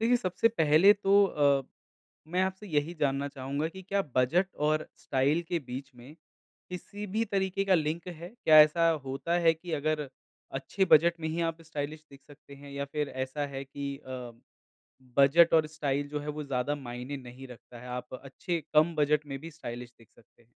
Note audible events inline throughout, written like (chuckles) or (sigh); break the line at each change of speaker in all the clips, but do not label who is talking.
देखिए सबसे पहले तो अ, मैं आपसे यही जानना चाहूँगा कि क्या बजट और स्टाइल के बीच में, किसी भी तरीके का लिंक है? क्या ऐसा होता है कि अगर अच्छे बजट में ही आप स्टाइलिश दिख सकते हैं या फिर ऐसा है कि अ, बजट और स्टाइल जो है वो ज़्यादा मायने नहीं रखता है, आप अच्छे कम बजट में भी स्टाइलिश दिख सकते हैं।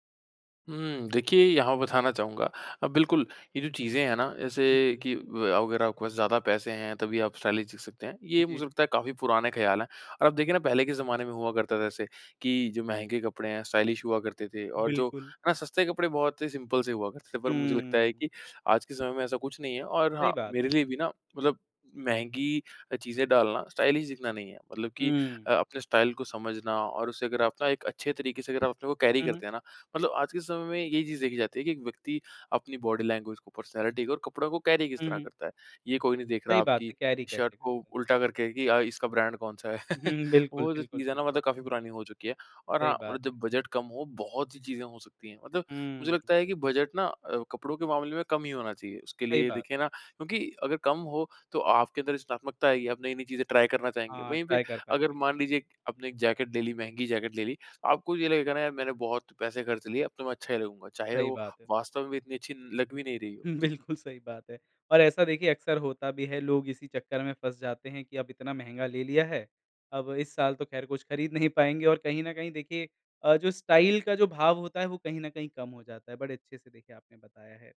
हुँ, देखिए यहाँ बताना चाहूँगा अ, बिल्कुल, ये जो चीज़ें हैं ना जैसे
हुँ।
कि ब अगर आपके पास ज़्यादा पैसे हैं तभी आप स्टाइलिश दिख सकते हैं,
उ,
ये
जी।
मुझे लगता है काफ़ी पुराने ख्याल है, और आप देखिए ना पहले के ज़माने में हुआ करता था ऐसे कि जो महँगे कपड़े हैं स्टाइलिश हुआ करते थे और जो
बिल्कुल।
ना सस्ते कपड़े बहुत ही सिंपल से हुआ करते थे, पर मुझे लगता है
हुँ।
कि आज के समय में ऐसा कुछ नहीं है और
सही
हाँ,
बात
मेरे लिए भी ना मतलब महँगी अ, चीज़ें डालना स्टाइलिश दिखना नहीं है। मतलब कि
हुँ।
अ, अपने स्टाइल को समझना और उसे अगर आप ना एक अच्छे तरीके से अगर आप अपने को कैरी
हुँ, हुँ।
करते हैं ना मतलब आज के समय में ये चीज़ देखी जाती है कि एक व्यक्ति अपनी बॉडी लैंग्वेज़ को पर्सनैलिटी को और कपड़ा को कैरी किस
हुँ,
तरह
हुँ।
करता है। ये कोई नहीं देख रहा
सही बात
आपकी
है, कैरी
शर्ट
कैसे
को
करते
उल्टा करके कि अ, इसका ब्रांड कौन-सा है,
हुँ,
(chuckles)
हुँ। बिल्कुल,
वो जो
बिल्कुल,
चीज़ है ना
बिल
मतलब काफ़ी पुरानी हो चुकी है। और
सही
हाँ,
बात
मतलब
है।
जब बजट कम हो बहुत सी चीज़ें हो सकती है मतलब मुझे
हुँ।
लगता है कि बजट ना अ, कपड़ों के मामले में कम ही होना चाहिए, उसके
सही
लिए
बात है।
देखिए ना क्योंकि अगर कम हो, तो आपके अंदर रचनात्मकता आएगी आप नई-नई चीज़ें ट्राई करना चाहेंगे,
हाँ,
वहीं पे
ट्राई कर
अगर
पाएँगे।
मान लीजिए आपने 1 जैकेट ले ली, महँगी जैकेट ले ली आपको ये लगेगा ना यार मैंने बहुत पैसे खर्च लिए अब तो मैं अच्छा ही लगूँगा चाहे
सही
वो
बात है।
वास्तव में भी इतनी अच्छी लग भी नहीं रही हो।
हुँ,
जी।
बिल्कुल सही बात है, और ऐसा देखिए अक्सर होता भी है लोग इसी चक्कर में फँस जाते हैं कि अब इतना महँगा ले लिया है, अब इस साल तो ख़ैर कुछ खरीद नहीं पाएँगे और कहीं न कहीं देखिए अ, जो स्टाइल का जो भाव होता है वो कहीं न कहीं कम हो जाता है, बड़े अच्छे से देखिए आपने बताया है।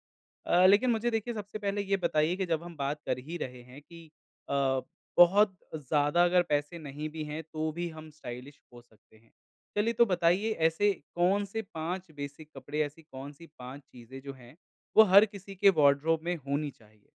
अ, लेकिन मुझे देखिए सबसे पहले ये बताइए कि जब हम बात कर ही रहे हैं कि अ, बहुत ज़्यादा अगर पैसे नहीं भी है तो भी हम स्टाइलिश हो सकते हैं, चलिए तो बताइए ऐसे कौन-से 5 बेसिक कपड़े, ऐसी कौन-सी 5 चीज़ें जो हैं वो हर किसी के वार्डरोब में होनी चाहिए?